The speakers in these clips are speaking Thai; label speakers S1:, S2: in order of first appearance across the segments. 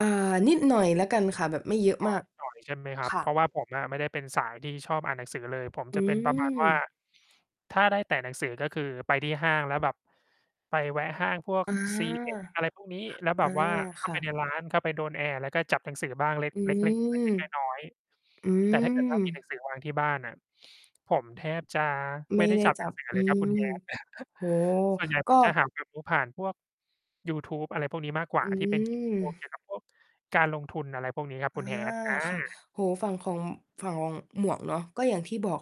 S1: เอ่อ นิดหน่อยแล้วกันค่ะ แบบไม่เยอะ
S2: อ้อ
S1: มาก
S2: นิดหน่อย ใช่ไหมครั
S1: ค
S2: บ?
S1: ่
S2: เพรา
S1: ะ
S2: ะว่าผมอะไม่ได้เป็นสายที่ชอบอ่านหนังสือเลย ผม
S1: อื
S2: จะเป็น ประมาณว่า
S1: ม
S2: ถ้าได้แตะหนังสือ ก็คือไปที่ห้างแล้วแบบ ไปแวะห้างพวก
S1: อา
S2: ซีเอ็ด อะไรพวกนี้ แล้วแ
S1: อ
S2: บ
S1: า
S2: บว่า เข้
S1: ค
S2: า
S1: ่
S2: ไปใ
S1: ะ
S2: นร้าน เข้าไปโดนแอร์ แล้วก็จับหนังสือบ้างเล็ก
S1: อื
S2: เล็ก ๆ เ
S1: ม
S2: ล็ก ๆ น้อย
S1: อื
S2: ๆ แต่ถ้าเกิด ว่า มีหนั
S1: ม
S2: งสือวางที่บ้านน่ะ ผมแทบจะ
S1: ไม
S2: ไม
S1: ่
S2: ่ได้
S1: ได้
S2: จับ
S1: จ
S2: ห
S1: ั
S2: นัง
S1: บ
S2: สือ
S1: อื
S2: เลยครับคุ
S1: ม
S2: ณ Hat
S1: โอ้โฮ
S2: ส่วนใหญ่
S1: ก
S2: ผ
S1: ็
S2: ม จะหาความรู้ผ่านพวก ยูทูบ อะไรพวกนี้มากกว
S1: อ
S2: ่า
S1: ื
S2: ที่เป็น คลิปวิดีโอเก
S1: ม
S2: ี่ยวกับพวก การลงทุน อะไรพวกนี้ครับ
S1: อ
S2: ค
S1: า
S2: ุณ Hat อ
S1: ค่ะ
S2: า
S1: โอ้โฮ ฝั่งของ ฝั่งของหมวกเนาะ ก็อย่างที่บอก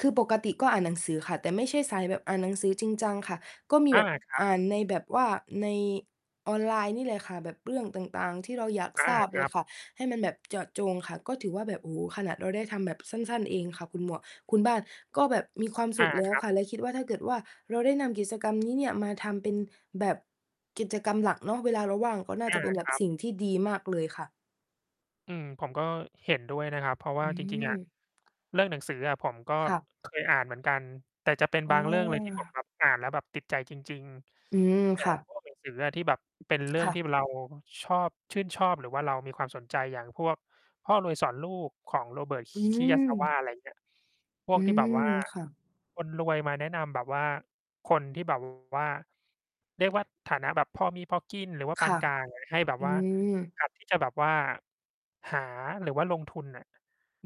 S1: คือปกติก็อ่านหนังสือค่ะ แต่ไม่ใช่สายแบบอ่านหนังสือจริงจังค่ะ ก็มี
S2: อ
S1: แ
S2: า
S1: บบ
S2: ครับ
S1: อ่านในแบบว่า ในออนไลน์นี่แหละค่ะ แบบเรื่องต่าง ๆ ที่เราอยาก
S2: อ
S1: ท
S2: า
S1: ราบ
S2: ค
S1: เล
S2: รั
S1: ย
S2: บ
S1: ค่ะ ให้มันแบบเจาะจงค่ะ ก็ถือว่าแบบ โอ้โฮ ขนาดเราได้ทำแบบสั้น ๆ เองค่ะ คุณหมวก คุณบ้าน ก็แบบมีความส
S2: อ
S1: ุ
S2: า
S1: ขแล้
S2: ค
S1: ว
S2: รับ
S1: ค่ะ และคิดว่าถ้าเกิดว่าเราได้นำกิจกรรม นี้เนี่ย มาทำเป็นแบบกิจกรรมหลักเนาะ เวลาเราว่าง ก็น่า
S2: อ
S1: จะ
S2: า
S1: เป็น
S2: ครับ
S1: สิ่งที่ดีมากเลยค่ะ
S2: อืม ผมก็เห็นด้วยนะครับ เพราะว
S1: อ
S2: ่
S1: ื
S2: าจริง ๆ อะ
S1: ม
S2: เรื่องหนังสืออะ ผมก็
S1: ค่ะ
S2: เคยอ่านเหมือนกัน แต่จะเป็น
S1: เ
S2: บางเรื่องเลย ที่ผม
S1: ออ
S2: แบบ อ่านแล้วแบบติดใจจริง
S1: อืม
S2: ๆ อย่
S1: ค
S2: า
S1: ่ะ
S2: งพวกหนังสือ อะ ที่แบบเป็นเรื่
S1: ค
S2: อง
S1: ่
S2: ที่
S1: ะ
S2: เราชอบ ชื่นชอบ หรือว่าเรามีความสนใจ อย่างพวก พ่อรวยสอนลูกของ Robert K
S1: อื
S2: Kiyasawa
S1: ม
S2: อะไรเงี้ย พ
S1: อ
S2: ว
S1: ื
S2: กที่แ
S1: ม
S2: บบว่า
S1: ค่ะ
S2: คนรวยมาแนะนำแบบว่าคนที่ แบบ ว่า เรียกว่าฐานะแบบพอมีพอกิน หรือว่า
S1: ค
S2: ปา
S1: ่
S2: น
S1: ะ
S2: กลางอะ ให้แบบ
S1: อื
S2: ว่า
S1: ม
S2: หัดที่จะแบบว่า หา หรือว่าลงทุนน่ะ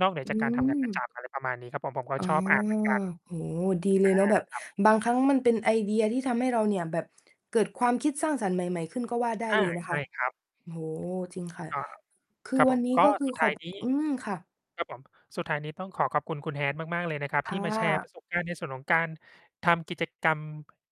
S2: นอกเหนือ
S1: อื
S2: จากการ ทำงานประจ
S1: ม
S2: ำ อะไรประมาณนี้ครับผม ผมก็
S1: อ๋อ
S2: ชอบอ่าน เหมือน กัน
S1: โอ้โฮ ดีเล
S2: อา
S1: ยเนาะ แบบ
S2: ครับ
S1: บางครั้งมันเป็นไอเดียที่ทำให้เราเนี่ย แบบเกิดความคิดสร้างสรรค์ใหม่ ๆ ขึ้นก็ว่าได้
S2: อ
S1: เ
S2: า
S1: ลยนะ
S2: ใช
S1: คะ
S2: ่ครับ
S1: โอ้โฮ จริงค่ะ
S2: อา ครับผม ก็ สุด ท้ายนี
S1: คื
S2: ้
S1: อวันนี้ ก็คือขอบ อืม ค่ะ
S2: ครับผม สุดท้ายนี้ต้องขอขอบคุณ คุณ Hat มากๆ เลยนะครับ
S1: ค
S2: ที่มาแช
S1: ่
S2: ร์ป
S1: ะ
S2: ระสบการณ์ในส่วนของการทำกิจกรรม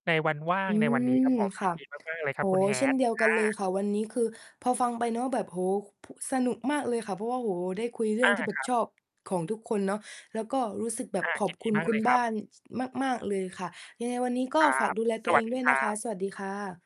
S2: ในวันว่า
S1: อ
S2: ง
S1: ื
S2: ในวันนี้
S1: ม
S2: ครับผม
S1: ค
S2: ย
S1: ่
S2: ิ
S1: ะ
S2: นดี มาก ๆ เลยค
S1: โ
S2: ร
S1: อ
S2: ั
S1: ้
S2: บค
S1: โ
S2: ุณ
S1: ฮ เช่น
S2: Hat
S1: เดียวกันเล
S2: อ
S1: ย
S2: า
S1: ค่ะ วันนี้ คือ พอฟังไปแล้วแบบ โอ้โฮ พ สนุกมากเลยค่ะ เพราะว่า โอ้โฮ ได้คุยเรื่
S2: อ
S1: อง
S2: า
S1: ที่แบ
S2: ค
S1: บ
S2: รับ
S1: ชอบของทุกคนเนาะ แล้วก็รู้สึกแบบ
S2: อา
S1: ขอ
S2: ย
S1: บ
S2: ิน
S1: ค
S2: ด
S1: ุ
S2: ี
S1: ณ
S2: มาก
S1: คุ
S2: เล
S1: ณ
S2: ยค
S1: บ
S2: ร
S1: ้า
S2: ับ
S1: น ช มาก ๆ เลยค่ะ ยังไงวันนี้ก็
S2: ครั
S1: ฝาก
S2: บ
S1: ดูแลตั
S2: ส
S1: วเ
S2: ว
S1: อ
S2: ัส
S1: ง
S2: ด
S1: ด
S2: ี
S1: ้วย
S2: ค
S1: น
S2: ร
S1: ะค
S2: ั
S1: ะ
S2: บ
S1: สวัสดีค่ะ